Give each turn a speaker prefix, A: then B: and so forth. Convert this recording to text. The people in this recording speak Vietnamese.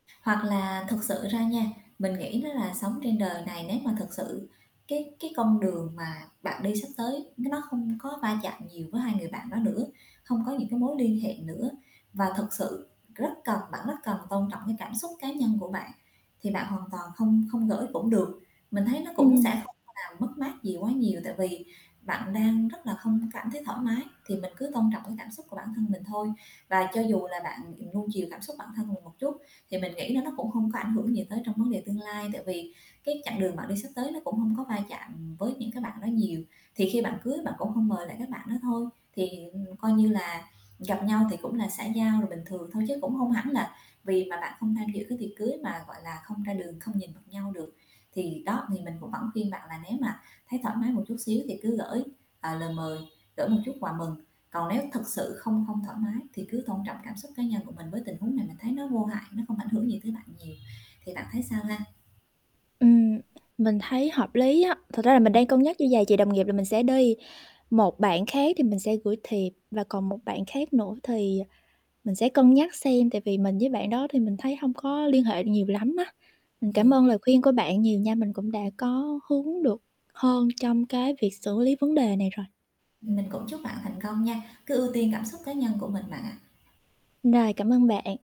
A: Hoặc là thực sự ra nha, mình nghĩ đó là sống trên đời này nếu mà thật sự cái cái con đường mà bạn đi sắp tới n nó không có va chạm nhiều với 2 người bạn đó nữa, hông có những cái mối liên hệ nữa, và thực sự rất cần bạn rất cần tôn trọng cái cảm xúc cá nhân của bạn thì bạn hoàn toàn không không gởi cũng được, mình thấy nó cũng sẽ
B: Ừm.
A: không làm mất mát gì quá nhiều, tại vì bạn đang rất là không cảm thấy thoải mái, thì mình cứ tôn trọng cái cảm xúc của bản thân mình thôi. Và cho dù là bạn, ừm, nuông chiều cảm xúc của bản thân mình một chút thì mình nghĩ nó nó cũng hông có ảnh hưởng gì tới trong vấn đề tương lai, tại vì cái chặng đường bạn đi sắp tới nó cũng hông có va chạm với những cái bạn đó nhiều. Thì khi bạn cưới bạn cũng hông mời lại các bạn đó thôi, thì, ừm, coi như là gặp nhau thì cũng là xã giao rồi bình thường thôi chứ cũng hông hẳn là vì mà bạn không tham dự cái tiệc cưới mà, gọi là, không ra đường không nhìn mặt nhau được. Thì đó thì mình cũng vẫn khuyên bạn là nếu mà thấy thoải mái một chút xíu thì cứ gởi, ờ, lời mời, gởi một chút quà mừng. Còn nếu thực sự không không thoải mái thì cứ tôn trọng cảm xúc cá nhân của mình với tình huống này mình thấy nó vô hại, nó không ảnh hưởng gì tới bạn nhiều, thì bạn thấy sao ha?
B: Ừm, mình thấy hợp lý á. Thật ra là mình đang cân nhắc như vầy, chị đồng nghiệp là mình sẽ đi, một bạn khác thì mình sẽ gửi thiệp, và còn một bạn khác nữa thì mình sẽ cân nhắc xem, tại vì mình với bạn đó thì mình thấy hông có liên hệ nhiều lắm á. Mình
A: Ừ.
B: cảm ơn lời khuyên của bạn nhiều nha, mình cũng đã có hướng được hơn trong cái việc xử lý vấn đề này rồi.
A: Mình cũng chúc bạn thành công nha, cứ ưu tiên cảm xúc cá nhân của mình bạn ạ.
B: Rồi, cảm ơn bạn.